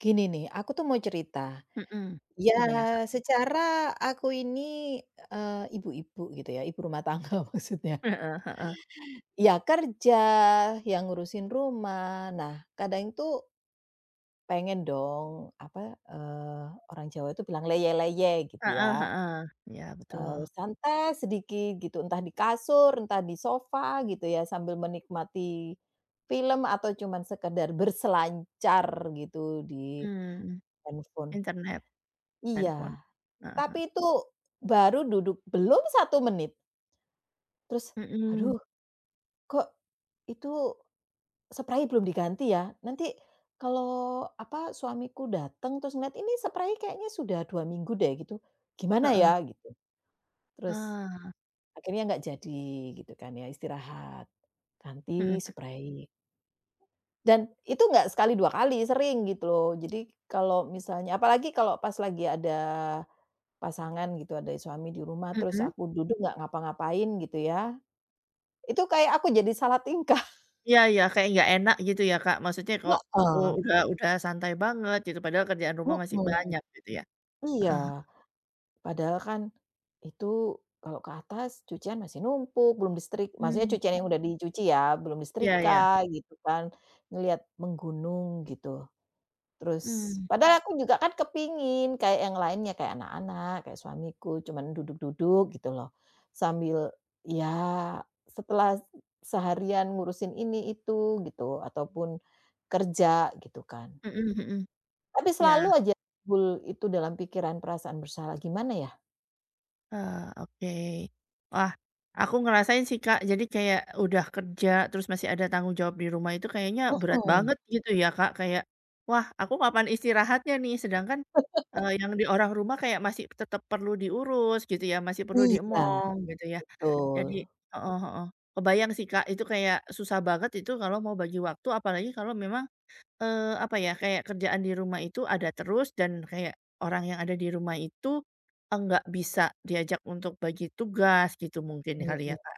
Gini nih, aku tuh mau cerita. Mhm. Iya, Gimana Kak? secara aku ini, eee, ibu-ibu gitu ya, ibu rumah tangga maksudnya. Heeh heeh. Ya kerja, ya ngurusin rumah. Nah, kadang itu pengen dong, apa, eee, orang Jawa itu bilang leyeh-leyeh gitu Heeh ya, heeh, iya eee, betul. santai sedikit gitu, entah di kasur, entah di sofa gitu ya, sambil menikmati, film atau cuman sekedar berselancar gitu di Mmm. handphone. Internet, handphone. Iya. Heeh heeh. Tapi itu, baru duduk belum 1 menit terus, Mhm. "Aduh, kok, itu sprei belum diganti ya? Nanti kalau apa, suamiku datang terus ngelihat, ini sprei kayaknya sudah 2 minggu deh gitu, gimana Heeh. ya?" gitu. Terus, Ah. akhirnya nggak jadi gitu kan ya istirahat, ganti Mhm. sprei. Dan itu enggak sekali, 2 kali, sering gitu loh. Jadi kalau misalnya apalagi kalau pas lagi ada, pasangan gitu, ada suami di rumah terus Mhm. aku duduk nggak ngapa-ngapain gitu ya, itu kayak aku jadi salah tingkah. Iya iya, kayak nggak enak gitu ya, Kak. Maksudnya kok, u Heeh. udah udah santai banget gitu, padahal kerjaan rumah masih Mhm. banyak gitu ya? Iya. Heeh. Padahal kan, itu kalau ke atas cucian masih numpuk belum distrik maksudnya cucian Mhm. yang udah dicuci ya, belum Iya disetrika iya. gitu kan, ngelihat menggunung gitu. Terus, Mmm. padahal aku juga kan kepingin kayak yang lainnya kayak anak-anak, kayak suamiku, cuman duduk-duduk gitu loh. Sambil ya, setelah seharian ngurusin ini itu gitu, ataupun, kerja gitu kan? Mhm mhm. Tapi Iya. selalu aja timbul itu dalam pikiran perasaan bersalah, gimana ya? Ah, oke. Wah. Aku ngerasain sih Kak, jadi kayak udah kerja terus masih ada tanggung jawab di rumah itu kayaknya berat Heeh. banget gitu ya Kak, kayak, "Wah, aku kapan istirahatnya nih?" Sedangkan, eee, yang di orang rumah kayak masih tetap perlu diurus, gitu ya, masih perlu Iya. diemong gitu ya. Jadi Betul. heeh heeh, kebayang sih Kak itu kayak susah banget itu kalau mau bagi waktu, apalagi kalau memang, eee, apa ya, kayak kerjaan di rumah itu ada terus dan kayak orang yang ada di rumah itu, enggak bisa diajak untuk bagi tugas gitu mungkin Mhm kali ya, mhm. Kak.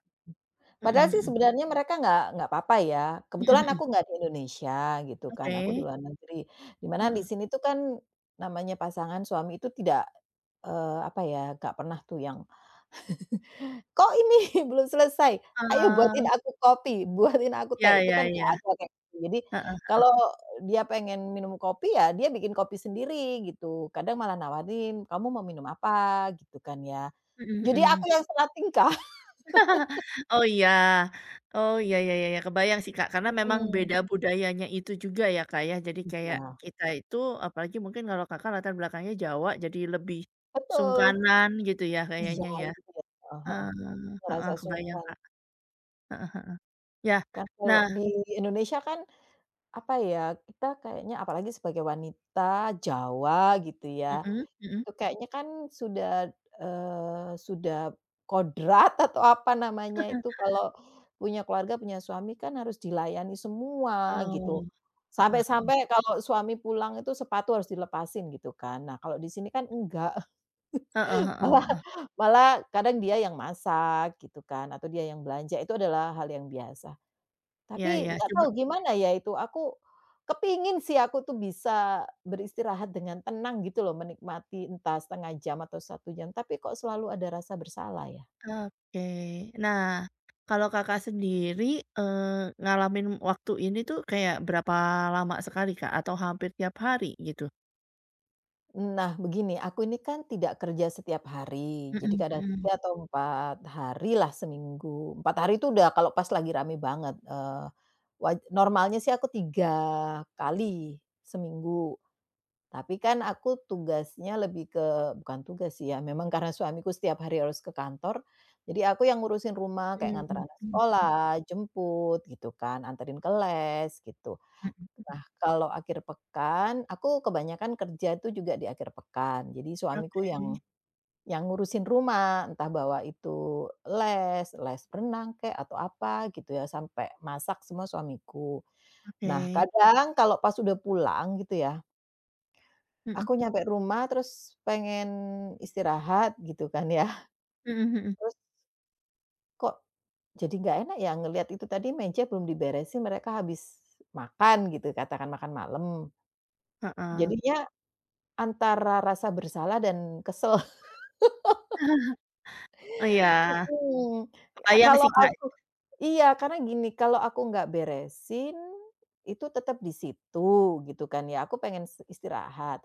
Mhm Padahal sih mhm. sebenarnya mereka nggak nggak apa-apa ya, Mhm kebetulan mhm. aku nggak di Indonesia gitu kan, aku di Oke. luar negeri, di mana di Heeh. sini tuh kan, namanya pasangan suami itu tidak, eee, apa ya, nggak pernah tuh yang, "Kok ini belum selesai? Ayo buatin Eh. aku kopi, buatin aku Ya teh." Itu kan ya nggak ya. ada, kayak gitu. Jadi, Heeh heeh. kalau dia pengen minum kopi ya, dia bikin kopi sendiri gitu. Kadang malah nawarin, "Kamu mau minum apa?" Gitu kan ya. Mhm Jadi aku mhm. yang salah tingkah. Oh iya Oh iya ya ya ya, kebayang sih, Kak, karena memang Mhm. beda budayanya itu juga ya, Kak, ya. Jadi kayak Iya. kita itu, apalagi mungkin kalau Kakak latar belakangnya Jawa, jadi lebih, Betul. sungkanan gitu ya Iya, kayaknya ya. [unintelligible] heeh heeh. Eee, heeh, Ngerasa kebayang, sungkan. Kak. Heeh heeh. Ya, Kan kalau nah di Indonesia kan. Apa ya, kita kayaknya apalagi sebagai wanita Jawa gitu ya. Mhm, mhm. Itu kayaknya kan sudah, eee, sudah, kodrat atau apa namanya itu kalau, punya keluarga punya suami kan harus dilayani semua, gitu. Oh. Heeh heeh. Sampai-sampai kalau suami pulang itu sepatu harus dilepasin gitu kan. Nah, kalau di sini kan enggak. Heeh heeh Malah heeh. malah kadang dia yang masak gitu kan, atau dia yang belanja itu adalah hal yang biasa. Iya Tapi iya, nggak cuma tahu gimana ya itu, aku, kepingin sih aku tuh bisa beristirahat dengan tenang gitu loh menikmati entah 1/2 jam atau 1 jam tapi kok selalu ada rasa bersalah ya? Oke, nah, kalau Kakak sendiri, eee, ngalamin waktu ini tuh kayak berapa lama sekali Kak, atau hampir tiap hari gitu? Nah, begini, aku ini kan tidak kerja setiap hari, jadi Heeh kadang heeh. 3 atau 4 harilah seminggu, 4 hari itu udah kalau pas lagi rame banget, eee, waj normalnya sih aku 3 kali seminggu. Tapi kan aku tugasnya lebih ke bukan tugas sih ya, memang karena suamiku setiap hari harus ke kantor, jadi aku yang ngurusin rumah, kayak Hmm, nganter anak heeh heeh. sekolah, jemput gitu kan, antarin ke les, gitu. Heeh. Nah, kalau akhir pekan, aku kebanyakan kerja tuh juga di akhir pekan. Jadi suamiku yang Oke. yang ngurusin rumah, entah bawa itu les, les renang kek atau apa gitu ya, sampai masak semua suamiku. Nah, Oke. kadang kalau pas udah pulang gitu ya Heeh. aku nyampe rumah terus pengen istirahat gitu kan ya. Heeh heeh. Terus kok jadi nggak enak ya ngelihat itu tadi meja belum diberesin, mereka habis makan gitu, katakan makan malam. Heeh. Jadinya, antara rasa bersalah dan kesel. Oh iya, Heeh. kebayang Kalau sih Kak. aku iya, karena gini, kalau aku nggak beresin, itu tetap di situ gitu kan ya, aku pengen s istirahat.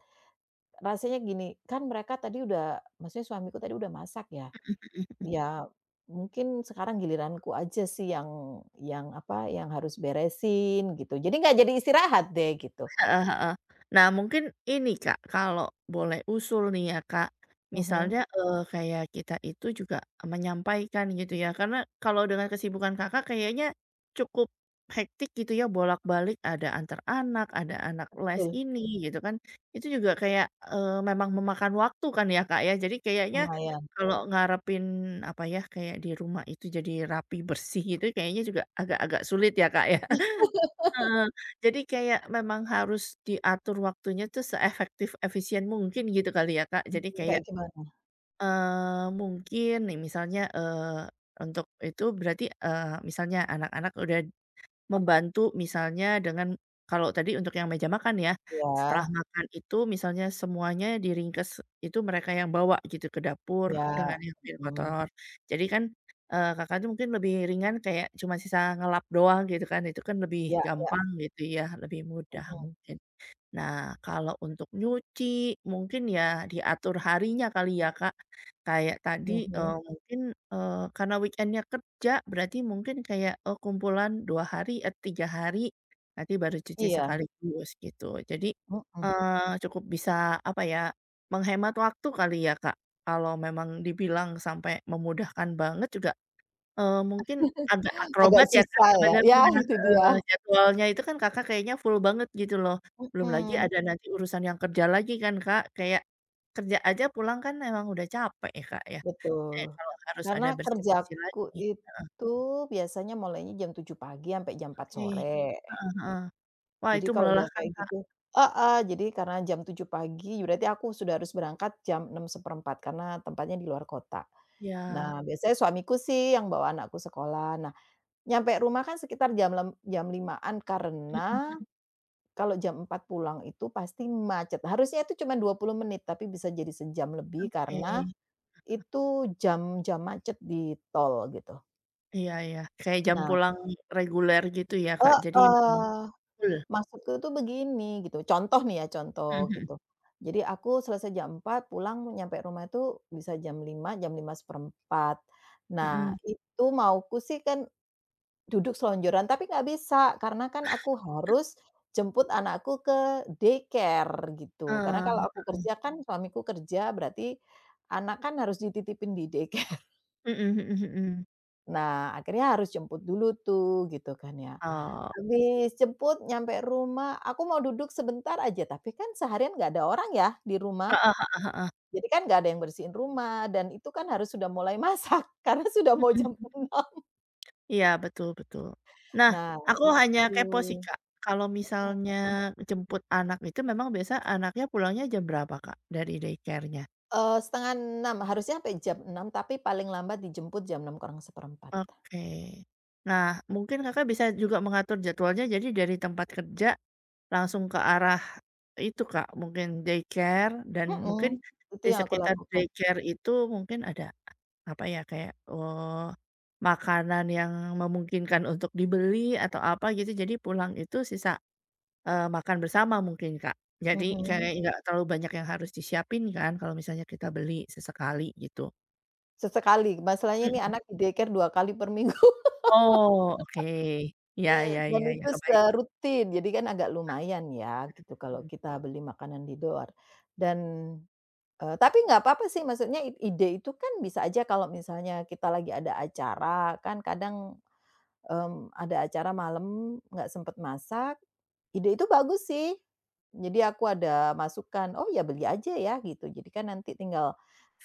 Rasanya gini, kan mereka tadi udah maksudnya suamiku tadi udah masak ya, Heeh heeh heeh. iya mungkin sekarang giliranku aja sih yang yang apa, yang harus beresin, gitu. Jadi nggak jadi istirahat deh gitu. Heeh heeh. Nah mungkin ini Kak kalau boleh usul nih ya Kak. Mhm. Misalnya, eee, kayak kita itu juga menyampaikan gitu ya, karena kalau dengan kesibukan Kakak kayaknya, cukup, hectic gitu ya bolak-balik ada antar anak, ada anak les Betul. ini gitu kan. Itu juga kayak, eee, memang memakan waktu kan ya Kak ya. Jadi kayaknya, Lumayan. kalau ngarepin apa ya, kayak di rumah itu jadi rapi, bersih itu kayaknya juga agak-agak sulit ya Kak ya. Heeh, jadi kayak memang harus diatur waktunya tuh seefektif efisien mungkin gitu kali ya, Kak. Jadi Heeh, kayak, kayak gimana? eee, mungkin nih misalnya, eee, untuk itu berarti, eee, misalnya anak-anak udah, membantu misalnya dengan kalau tadi untuk yang meja makan ya, setelah Iya. makan itu misalnya semuanya diringkes, itu mereka yang bawa gitu ke dapur, Iya. dengan yang piring Heeh. kotor. Jadi kan, eee, Kakak itu mungkin lebih ringan kayak cuma sisa ngelap doang gitu kan, itu kan lebih Iya iya. gampang gitu ya, lebih mudah Heeh. mungkin. Nah, kalau untuk nyuci mungkin ya diatur harinya kali ya, Kak. Kayak tadi, Heeh. eee, mungkin, eee, karena weekend-nya kerja berarti mungkin kayak, oh, kumpulan 2 hari, eee, 3 hari, nanti baru cuci Iya. sekaligus gitu. Jadi, Heeh. eee, cukup bisa apa ya, menghemat waktu kali ya Kak, kalau memang dibilang sampai memudahkan banget juga, eee, mungkin agak Agak akrobat ya Kak susah ya, sebenarnya, ya itu heeh, dia. jadwalnya itu kan Kakak kayaknya full banget gitu loh. Belum lagi Heeh. ada nanti urusan yang kerja lagi kan Kak kayak, kerja aja pulang kan emang udah capek ya Kak ya, kayak Betul. kalau harus Karena ada bersih-bersih kerjaku lagi, heeh. itu biasanya mulainya jam 7.00 pagi sampai jam 4.00 Oke. sore. Heeh heeh. Wah Jadi itu kalau udah melelahkan kayak Kak. gitu heeh. Jadi karena jam 7.00 pagi, berarti aku sudah harus berangkat jam 6.15 karena tempatnya di luar kota. Iya. Nah, biasanya suamiku sih yang bawa anakku sekolah. Nah, nyampe rumah kan sekitar jam lem jam 5.00-an Heeh karena, heeh. kalau jam 4.00 pulang itu pasti macet, harusnya itu cuman 20 menit, tapi bisa jadi sejam lebih Oke, karena, heeh. itu jam-jam macet di tol gitu. Iya iya, kayak jam Nah. pulang reguler gitu ya, Kak, jadi memang Heeh full. maksudku tuh begini, gitu, contoh nih ya contoh Mhm. gitu. Jadi, aku selesai jam 4:00, pulang nyampe rumah itu bisa jam 5:00, jam 5:15. Nah, Mhm. itu mauku sih kan duduk selonjoran, tapi nggak bisa, karena kan aku harus jemput anakku ke daycare gitu. Karena Heeh, kalau aku heeh. kerja kan suamiku kerja, berarti anak kan harus dititipin di daycare. Mhm mhm mhm. Nah, akhirnya harus jemput dulu tuh, gitu kan ya. Oh. Habis jemput nyampe rumah, aku mau duduk sebentar aja, tapi kan seharian nggak ada orang ya di rumah. Heeh heeh heeh. Jadi kan nggak ada yang bersihin rumah dan itu kan harus sudah mulai masak karena sudah Mhm mau jam mhm. 6:00. Iya, betul betul. Nah, Nah aku itu hanya kepo sih, Kak. Heeh. Kalau misalnya jemput anak itu memang biasanya anaknya pulangnya jam berapa, Kak, dari daycare-nya? Eee, 5:30 harusnya sampai jam 6:00 tapi paling lambat dijemput jam 5:45. Oke. Nah, mungkin, Kakak, bisa juga mengatur jadwalnya jadi dari tempat kerja, langsung ke arah itu, Kak, mungkin daycare dan mungkin Mhm. Itu di yang aku sekitar lakukan. daycare itu mungkin ada apa ya, kayak, eee, makanan yang memungkinkan untuk dibeli atau apa gitu, jadi pulang itu sisa eee, makan bersama mungkin, Kak. Jadi Mhm. kayak enggak terlalu banyak yang harus disiapin kan kalau misalnya kita beli, sesekali gitu. Sesekali, masalahnya nih Mhm. anak di daycare 2 kali per minggu. Oh, oke. Iya iya Dan iya iya, itu se kebayang. rutin, jadi kan agak Ah, lumayan ya gitu mhm kalau mhm. kita beli makanan di luar dan, eee, tapi nggak apa-apa sih, maksudnya i ide itu kan bisa aja kalau misalnya kita lagi ada acara kan kadang, mmm, ada acara malam, nggak sempet masak. Ide itu bagus sih. Jadi aku ada masukan, "Oh ya beli aja ya," gitu. Jadi kan nanti tinggal,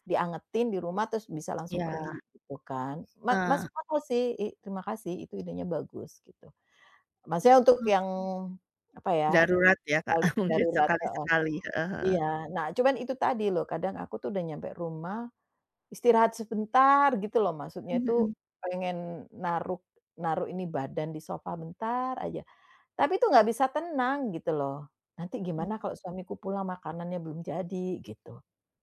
diangetin di rumah terus bisa langsung pergi Iya. gitu kan. Ma masuk Heeh. akal sih. Ih, terima kasih itu idenya bagus gitu. Maksudnya untuk Mmm. yang, apa ya, Darurat ya, Kak, kalau mungkin darurat heeh. sekali-sekali heeh heeh. Iya, nah cuman itu tadi loh, kadang aku tuh udah nyampe rumah, istirahat sebentar gitu loh maksudnya Mhm itu, mhm. pengen naruh naruh ini badan di sofa bentar aja. Tapi itu nggak bisa tenang gitu loh. Nanti gimana Mhm. kalau suamiku pulang makanannya belum jadi gitu,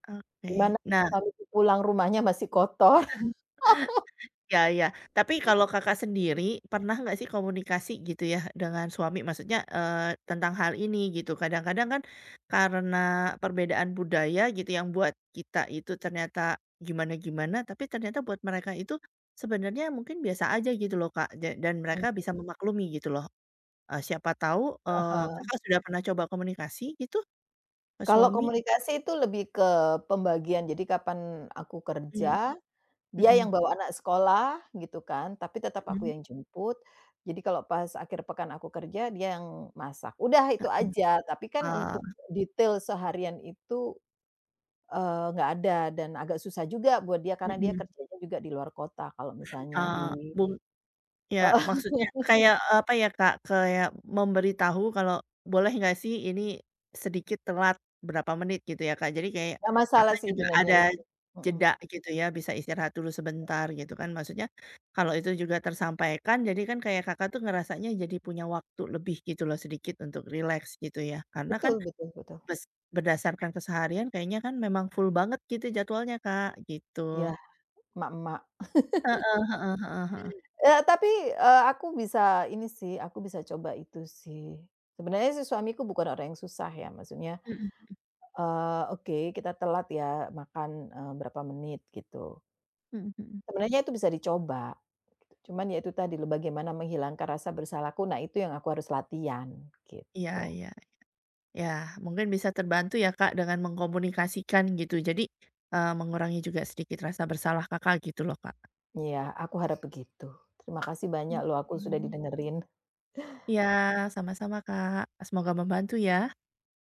Oke, gimana nah suamiku pulang rumahnya masih kotor. Iya iya. Tapi kalau Kakak Mhm. sendiri pernah nggak sih komunikasi gitu ya dengan suami maksudnya, eee, tentang hal ini gitu kadang-kadang kan, karena perbedaan budaya gitu yang buat kita itu ternyata gimana-gimana tapi ternyata buat mereka itu, sebenarnya mungkin biasa aja gitu loh, Kak ja dan mereka Mhm. bisa memaklumi gitu loh. Eee, siapa tahu, Ah eee, hah. Kakak sudah pernah coba komunikasi gitu? Ke Kalau suami? komunikasi itu lebih ke pembagian, jadi kapan aku Mmm. kerja, dia yang Mhm. bawa anak sekolah gitu kan, tapi tetap aku Mhm. yang jemput. Jadi kalau pas akhir pekan aku kerja, dia yang masak. Udah itu aja, tapi kan Heeh. untuk Oh. detail seharian itu, eee, nggak ada dan agak susah juga buat dia karena dia Mhm. kerjanya juga di luar kota kalau misalnya Eee, di bung ya, Heeh. maksudnya kayak, eee, apa ya, Kak, kayak memberitahu kalau, boleh nggak sih ini, sedikit telat berapa menit gitu ya Kak, jadi kayak, Gak masalah Kakak sih juga benernya ada itu. Mhm. jeda gitu ya, bisa istirahat dulu sebentar gitu kan. Maksudnya, kalau itu juga tersampaikan, jadi kan kayak Kakak tuh ngerasanya jadi punya waktu lebih gitu loh sedikit untuk rileks gitu ya. Karena kan, Betul betul betul. bes berdasarkan keseharian kayaknya kan memang full banget gitu jadwalnya Kak, gitu. Iya. Mak-mak. Heeh heeh heeh heeh. Eee, tapi, eee, aku bisa ini sih, aku bisa coba itu sih. Sebenarnya si suamiku bukan orang yang susah ya, maksudnya Mhm mhm. eee, "Oke, kita telat ya makan," eee, "berapa menit," gitu. Mhm mhm. Sebenarnya itu bisa dicoba, cuman ya itu tadi loh, bagaimana menghilangkan rasa bersalahku. Nah itu yang aku harus latihan, Iya iya gitu. iya. Ya, mungkin bisa terbantu ya, Kak dengan mengkomunikasikan gitu. Jadi, eee, mengurangi juga sedikit rasa bersalah Kakak gitu loh Kak. Iya, aku harap begitu. Terima kasih banyak loh, aku sudah Mhm. didengerin. Iya, sama-sama, Kak. E semoga membantu ya.